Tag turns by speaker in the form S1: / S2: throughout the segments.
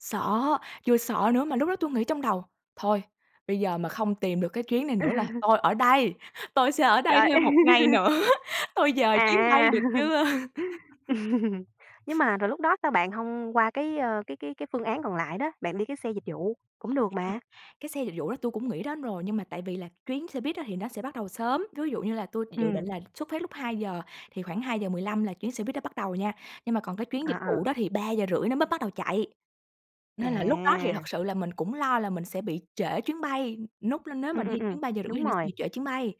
S1: Sợ, vừa sợ nữa mà lúc đó tui nghĩ trong đầu: "Thôi, bây giờ mà không tìm được cái chuyến này nữa là tôi ở đây, tôi sẽ ở đây
S2: Trời!
S1: thêm 1 ngày nữa, tôi dời chuyến bay
S2: À.
S1: được chưa?"
S2: Nhưng mà rồi lúc đó sao bạn hông qua cái, ơ, cái cái cái phương án còn lại đó? Bạn đi cái xe dịch vụ cũng được
S1: À,
S2: mà.
S1: cái xe dịch vụ đó tui cũng nghĩ đến rồi nhưng mà tại vì là chuyến xe buýt á thì nó sẽ bắt đầu sớm, ví dụ như là tui dự dự định
S2: Ừm.
S1: là xuất phát lúc 2:00 thì khoảng 2:15 là chuyến xe buýt đó bắt đầu nha, nhưng mà còn cái chuyến
S2: À,
S1: dịch vụ
S2: à.
S1: đó thì 3:30 nó mới bắt đầu chạy. Nên là lúc đó thì thật
S2: À.
S1: sự là mình cũng lo là mình sẽ bị trễ chuyến bay, núc lên nếu mà
S2: Ừm, ừm,
S1: đi
S2: ừm,
S1: chuyến 3:30 thì
S2: đúng
S1: nó sẽ
S2: rồi.
S1: bị trễ chuyến bay.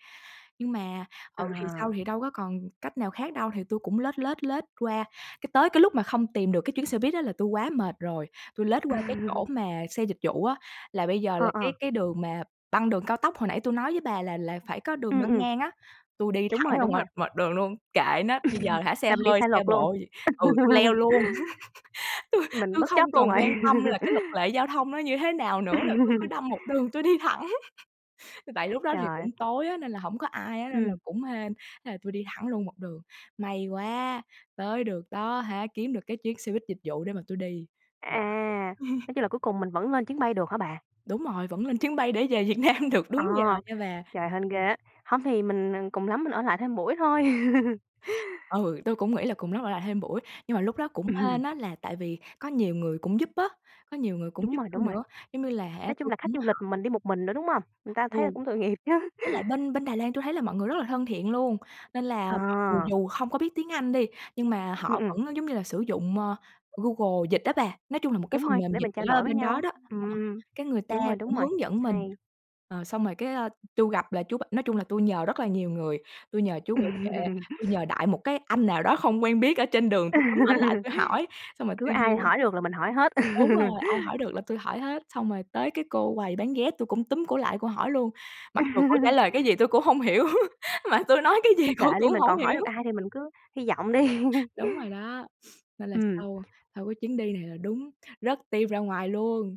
S1: Nhưng mà, ừ, thì sau
S2: À.
S1: thì đâu có còn cách nào khác đâu thì tui cũng lết, lết, lết qua, cái tới cái lúc mà không tìm được cái chuyến xe buýt á là tui quá mệt rồi, tui lết qua cái chỗ mà xe dịch vụ á. Là bây giờ
S2: Ờ,
S1: là cái
S2: ờ.
S1: cái đường mà băng đường cao tốc, hồi nãy tui nói với bà là là phải có đường
S2: Ừm,
S1: băng
S2: ừm.
S1: ngang á, tui đi
S2: Đúng
S1: thẳng
S2: rồi,
S1: ra
S2: đúng rồi.
S1: ngoài ngoài đường luôn, kệ nó, bây giờ hả xe
S2: Mà mình đi
S1: hơi,
S2: sai
S1: xe
S2: luật luôn,
S1: độ gì ừ, tui leo luôn. Tui
S2: mình
S1: tui
S2: bất
S1: không
S2: chấp luôn
S1: còn
S2: rồi.
S1: quan tâm là cái luật lệ giao thông nó như thế nào nữa là tui cứ đâm một đường tui đi thẳng. Tại lúc đó
S2: Trời
S1: thì cũng
S2: ơi.
S1: tối á, nên là hổng có ai á, nên là
S2: Ừm.
S1: cũng hên, thế là tui đi thẳng luôn một đường, may quá tới được đó hả, kiếm được cái chuyến xe buýt dịch vụ để mà tui đi.
S2: À, nói chung là cuối cùng mình vẫn lên chuyến bay được hả bà?
S1: Đúng rồi, vẫn lên chuyến bay để về Việt Nam được
S2: À,
S1: đúng giờ nha bà.
S2: trời, hên ghê á. Hông thì mình, à, cùng lắm mình ở lại thêm buổi thôi.
S1: Ừ, tui cũng nghĩ là cùng lắm ở lại thêm buổi, nhưng mà lúc đó cũng hên
S2: Ừm.
S1: á là tại vì có nhiều người cũng giúp á, có nhiều người cũng
S2: Đúng
S1: giúp
S2: rồi,
S1: tui
S2: đúng rồi.
S1: nữa, giống như là hả
S2: Nói chung
S1: tui
S2: là khách
S1: cũng
S2: du lịch
S1: hỏi.
S2: mình đi một mình nữa, đúng hông? Người ta thấy là
S1: Ồ,
S2: cũng tội nghiệp chứ.
S1: với lại bên bên Đài Loan tui thấy là mọi người rất là thân thiện luôn, nên là
S2: Ờ.
S1: mọi người dù không có biết tiếng Anh đi, nhưng mà
S2: Ừm,
S1: họ
S2: ừm.
S1: vẫn, giống như là, sử dụng, ơ, Google dịch á bà, nói chung là một cái
S2: Đúng
S1: phần
S2: rồi,
S1: mềm
S2: để
S1: dịch
S2: mình trao
S1: gì đó ở
S2: đổi với
S1: bên đó
S2: nhau.
S1: đó. Ờ,
S2: Ừm,
S1: cái người ta
S2: đúng rồi, đúng
S1: cũng
S2: rồi,
S1: hướng dẫn mình,
S2: hay.
S1: ờ, xong rồi cái, ơ, tui gặp là chú b nói chung là tui nhờ rất là nhiều người, tui nhờ chú bảo vệ, tôi nhờ đại một cái anh nào đó không quen biết ở trên đường tui túm ảnh lại tui hỏi, xong rồi
S2: Cứ
S1: tui
S2: ai
S1: vô
S2: hỏi được là mình hỏi hết.
S1: đúng rồi, ai hỏi được là tui hỏi hết, xong rồi tới cái cô quầy bán vé tui cũng túm cổ lại cổ hỏi luôn, mặc dù cổ trả lời cái gì tui cũng hông hiểu, mà tui nói cái gì
S2: Thôi kệ
S1: cổ
S2: đi
S1: cũng
S2: mình
S1: hổng
S2: còn hỏi
S1: hiểu.
S2: được ai thì mình cứ hy vọng đi.
S1: Đúng rồi đó, nên là
S2: Ừm.
S1: sau sau cái chuyến đi này là đúng rớt tim ra ngoài luôn.